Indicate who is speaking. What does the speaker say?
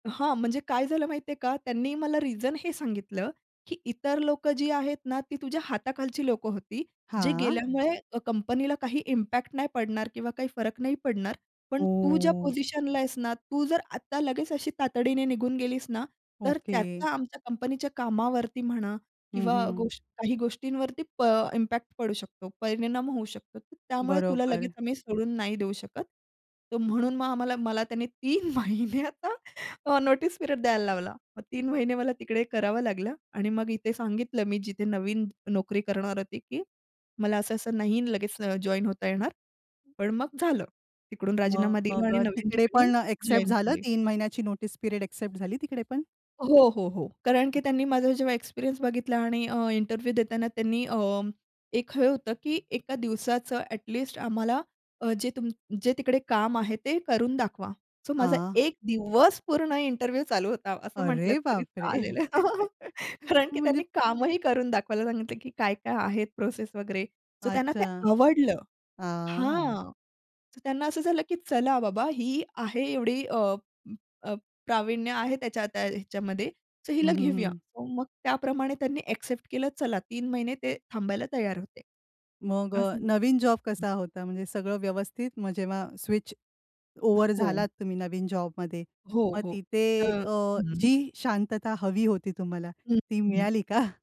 Speaker 1: हां. म्हणजे काय झालं माहितीये का? त्यांनी मला रिझन हे सांगितलं की इतर लोक जी आहेत ना ती तुझ्या हाताखालची लोक होती, जे
Speaker 2: हां.
Speaker 1: गेल्यामुळे कंपनीला काही इम्पॅक्ट नाही पडणार किंवा काही फरक नाही पडणार. पण तू ज्या
Speaker 2: ओह!
Speaker 1: पोझिशनला आहेस ना, तू जर आता लगेच अशी तातडीने निघून गेलीस ना, तर
Speaker 2: ओके.
Speaker 1: त्याचा आमच्या कंपनीच्या कामावरती म्हणा
Speaker 2: हं,
Speaker 1: किंवा
Speaker 2: हं.
Speaker 1: गोष्ट काही गोष्टींवरती प इम्पॅक्ट पडू शकतो. परिणाम होऊ शकतो. तर त्यामुळे तुला
Speaker 2: बरोबर.
Speaker 1: लगेच आम्ही सोडून नाही देऊ शकत. तर म्हणून मग आम्हाला मला त्याने 3 महिन्याचं अ, नोटीस पिरियड द्यायला लावला. मग 3 महिने मला तिकडे करावं लागलं आणि मग इथे सांगितलं मी जिथे नवीन नोकरी करणार होती की मला असं-असं नाही लगेच अ, जॉइन होता येणार. पण मग झालं. तिकडून राजीनामा दिला
Speaker 2: मग
Speaker 1: आणि
Speaker 2: अ,
Speaker 1: नवीन
Speaker 2: तिकडे
Speaker 1: ठिकाणी
Speaker 2: पण अ, ॲक्सेप्ट
Speaker 1: जॉइन
Speaker 2: झालं
Speaker 1: झाले.
Speaker 2: 3 महिन्याची नोटीस पिरियड एक्सेप्ट झाली तिकडे पण?
Speaker 1: हो, हो, हो. कारण की
Speaker 2: हं.
Speaker 1: त्यांनी माझा जेव्हा एक्सपिरियन्स बघितला आणि अ, इंटरव्ह्यू देताना त्यांनी अ, एक हे होतं की एका दिवसाचं ॲटलीस्ट आम्हाला अ, जे तुम्ह जे तिकडे काम आहे ते करून दाखवा. सो माझा
Speaker 2: हां.
Speaker 1: एक दिवस पूर्ण इंटरव्ह्यू चालू होता, असं म्हटलं
Speaker 2: अरे
Speaker 1: तरी
Speaker 2: बापरे!
Speaker 1: चालेल. कारण की
Speaker 2: म्हणजे
Speaker 1: त्यांनी कामही करून दाखवायला सांगितलं की काय-काय आहेत प्रोसेस वगैरे. सो त्यांना ते
Speaker 2: अच्छा.
Speaker 1: आवडलं
Speaker 2: हां.
Speaker 1: हां. तर त्यांना असं झालं की चला बाबा ही आहे एवढी अ, अ, प्रावीण्य आहे त्याच्या त्या ह्याच्यामध्ये. सो
Speaker 2: हं,
Speaker 1: हिला
Speaker 2: हं,
Speaker 1: घेऊया.
Speaker 2: हं.
Speaker 1: तर मग त्याप्रमाणे त्यांनी एक्सेप्ट केलं चला 3 महिने ते थांबायला तयार होते.
Speaker 2: मग अ,
Speaker 1: असं झ
Speaker 2: नवीन जॉब
Speaker 1: हं.
Speaker 2: कसा होता? म्हणजे सगळं व्यवस्थित? मग जेव्हा स्विच
Speaker 1: अ,
Speaker 2: ओव्हर
Speaker 1: हो.
Speaker 2: झालात तुम्ही नवीन जॉबमध्ये
Speaker 1: हो,
Speaker 2: मग
Speaker 1: हो.
Speaker 2: तिथे
Speaker 1: अ
Speaker 2: अ,
Speaker 1: हं.
Speaker 2: जी शांतता हवी होती तुम्हाला
Speaker 1: हं,
Speaker 2: ती
Speaker 1: हं.
Speaker 2: मिळाली का?